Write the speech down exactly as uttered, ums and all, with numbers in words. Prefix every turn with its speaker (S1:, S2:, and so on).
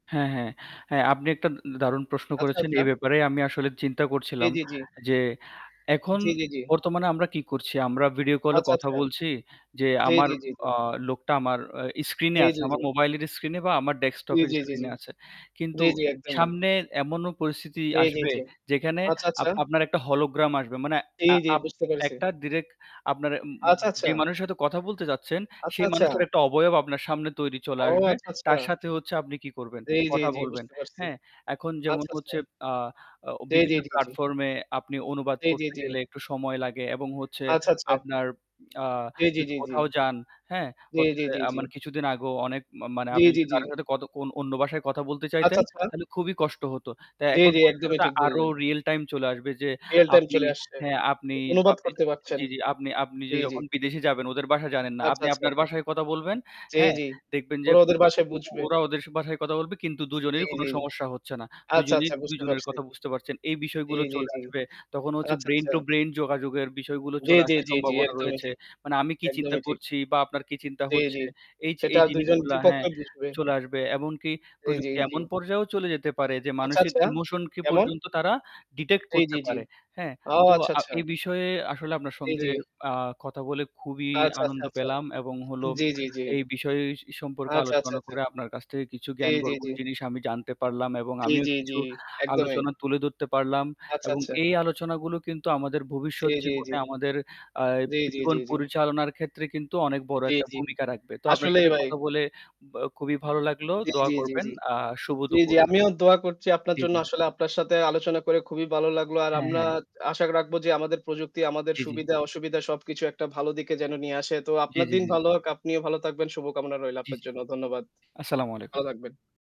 S1: হ্যাঁ, হ্যাঁ। হ্যাঁ আপনি একটা উন দারুণ প্রশ্ন
S2: আচ্ছা,
S1: করেছেন।
S2: আচ্ছা।
S1: এ ব্যাপারে আমি আসলে চিন্তা
S2: জি,
S1: করছিলাম
S2: জি, জি।
S1: যে এখন
S2: জি, জি, জি।
S1: বর্তমানে আমরা কি করছি? আমরা ভিডিও কল এ
S2: আচ্ছা,
S1: কথা
S2: আচ্ছা।
S1: বলছি যে
S2: জি,
S1: আমার
S2: জি, জি, জি।
S1: আ লোকটা আমার অ্যা স্ক্রিনে
S2: জি,
S1: আছে।
S2: জি,
S1: আমার
S2: জি।
S1: মোবাইলের স্ক্রিনে বা আমার ডেস্কটপ
S2: জি,
S1: এর
S2: জি, জি, জি।
S1: স্ক্রিনে আছে। কিন্তু
S2: জি, জি একদমই।
S1: সামনে এমনও পরিস্থিতি
S2: জি, জি,
S1: আসবে
S2: জি।
S1: যেখানে
S2: আচ্ছা,
S1: আপ
S2: আচ্ছা।
S1: আপনার একটা হলোগ্রাম আসবে। মানে
S2: জি,
S1: আ
S2: জি।
S1: আপ
S2: বুঝতে পেরেছি।
S1: একটা ডিরেক আপনার উম উম
S2: আচ্ছা,
S1: যে
S2: আচ্ছা।
S1: মানুষ সাথে কথা বলতে যাচ্ছেন,
S2: আচ্ছা,
S1: সেই
S2: আচ্ছা।
S1: মানুষটার একটা অবয়ব আপনার সামনে তৈরি চলে
S2: ও
S1: আসবে।
S2: আচ্ছা, আচ্ছা।
S1: তার সাথে হচ্ছে আপনি কি করবেন,
S2: জি, জি,
S1: কথা
S2: জি
S1: বলবেন,
S2: বুঝতে পারছি।
S1: হ্যাঁ? এখন যেমন
S2: আচ্ছা, আচ্ছা।
S1: হচ্ছে আ আ
S2: জি, জি,
S1: বিভিন্ন
S2: জি, জি।
S1: প্লাটফর্ম এ আপনি অনুবাদ
S2: জি, জি,
S1: করতে
S2: জি।
S1: গেলে একটু সময় লাগে এবং হচ্ছে
S2: আচ্ছা, আচ্ছা।
S1: আপনার আ
S2: জি, জি,
S1: যদি
S2: জি, জি।
S1: কোথাও যান হ্যাঁ?
S2: জি,
S1: হচ্ছে
S2: জি, জি,
S1: আ
S2: জি।
S1: মানে কিছুদিন আগেও অনেক মা মানে
S2: জি,
S1: আপনি
S2: জি,
S1: যদি
S2: জি।
S1: কারো সাথে কত অন্য ভাষায় কথা বলতে
S2: আচ্ছা,
S1: চাইতেন,
S2: আচ্ছা।
S1: তাইলে খুবই কষ্ট হত। তা
S2: জি,
S1: এখন
S2: জি। একদমই
S1: ভবিষ্যতে
S2: ঠিক
S1: আরো
S2: বললেন।
S1: রিয়েল টাইম চলে আসবে যে
S2: রিয়াল টাইম
S1: আপনি
S2: চলে আসছে।
S1: হ্যাঁ
S2: জি,
S1: আপনি
S2: অনুবাদ
S1: আপনি
S2: করতে পারছেন।
S1: জি, জি আপনি আপনি য
S2: জি, জি।
S1: যখন বিদেশে যাবেন ওদের বাষা জানেন না।
S2: আচ্ছা,
S1: আপনি
S2: আচ্ছা।
S1: আপনার বাষায় কথা বলবেন,
S2: জি,
S1: হ্যাঁ?
S2: জি।
S1: দেখবেন যে
S2: ওরা ওদের
S1: ও
S2: ভাষায়
S1: ও
S2: বুঝবে।
S1: ওরা ওদের বাষায় কথা বলবে কিন্তু দু
S2: জি,
S1: জনের কোন
S2: জি।
S1: সমস্যা হচ্ছে না। দু
S2: আচ্ছা,
S1: জনেই
S2: আচ্ছা
S1: দু
S2: বুঝতে
S1: জনের
S2: পারছি।
S1: কথা বুঝতে পারছেন, এই
S2: জি,
S1: বিষয়গুলো
S2: জি,
S1: চলে
S2: জি।
S1: আসবে। তখন হচ্ছে
S2: আচ্ছা,
S1: ব্রেইন
S2: আচ্ছা।
S1: টু ব্রেইন যোগাযোগের বিষয়গুলো
S2: জি,
S1: চলে
S2: জি,
S1: আসার
S2: জি, জি।
S1: সম্ভাবনা
S2: একদমই
S1: রয়েছে।
S2: ঠিক,
S1: মানে আমি কি চিন্তা
S2: একদমই ঠিক।
S1: করছি বা আপনার কি চিন্তা
S2: জি, জি।
S1: হচ্ছে, এইযে
S2: সেটা
S1: এই
S2: দুই জন
S1: জিনিসগুলা
S2: দুই
S1: হ্যাঁ
S2: পক্ষই বুঝবে।
S1: চলে আসবে। এমনকি
S2: জি, জি,
S1: প্রযুক্তি
S2: জি।
S1: এমন পর্যায়েও চলে যেতে পারে যে
S2: আচ্ছা,
S1: মানুষের
S2: আচ্ছা,
S1: ইমোশন কে
S2: কেমন?
S1: পর্যন্ত তারা ডিটেক্ট
S2: জি, জি,
S1: করতে
S2: জি।
S1: পারে, হ্যাঁ?
S2: ও
S1: তো
S2: আচ্ছা,
S1: আ
S2: আচ্ছা।
S1: এই বিষয়ে আসলে আপনার
S2: জি,
S1: সঙ্গে
S2: জি।
S1: আ কথা বলে খুবই
S2: আচ্ছা, আচ্ছা,
S1: আনন্দ
S2: আচ্ছা।
S1: পেলাম এবং হলো
S2: জি, জি, জি।
S1: এই বিষয় সি সম্পর্কে
S2: আচ্ছা, আচ্ছা,
S1: আলোচনা
S2: আচ্ছা।
S1: করে আপনার কাছ থেকে কিছু
S2: জি, জি,
S1: জ্ঞানগর্ব
S2: জি।
S1: জিনিস আমি জানতে পারলাম এবং
S2: জি,
S1: আমিও
S2: জি, জি।
S1: কিছু
S2: একদমই।
S1: আলোচনা তুলে ধরতে পারলাম।
S2: আচ্ছা,
S1: এবং
S2: আচ্ছা।
S1: এই আলোচনাগুলো কিন্তু আমাদের
S2: জি,
S1: ভবিষ্যৎ
S2: জি, জি।
S1: জীবনে আমাদের আ
S2: জি, জি, জি,
S1: জীবন
S2: জি।
S1: পরিচালনার ক্ষেত্রে কিন্তু অনেক বড়
S2: জি,
S1: একটা
S2: জি।
S1: ভূমিকা রাখবে। তো আপনার
S2: আসলেই
S1: সাথে
S2: ভাই।
S1: কথা বলে আ খুবই ভালো লাগলো।
S2: জি,
S1: দোয়া
S2: জি,
S1: করবেন
S2: জি।
S1: আ শুভ
S2: জি, জি
S1: দুপুর।
S2: আমিও দোয়া করচি আপনার
S1: জি,
S2: জন্য
S1: জি।
S2: আসলে আপনার সাথে আলোচনা করে খুবই ভালো লাগলো। আর
S1: হ্যা,
S2: আমরা
S1: হ্যা।
S2: আশা রাখবো যে আমাদের প্রযুক্তি আমাদের
S1: জি, জি।
S2: সুবিধা-অসুবিধা সবকিছু একটা ভালো দিকে যেন নিয়ে আসে। তো
S1: জি,
S2: আপনার
S1: জি,
S2: দিন
S1: জি, জি।
S2: ভালো হোক। আপনিও ভালো থাকবেন। শুভকামনা রইলো
S1: জি,
S2: আপনার
S1: জি।
S2: জন্য। ধন্যবাদ।
S1: আসসালামু আলাইকুম।
S2: ভালো থাকবেন।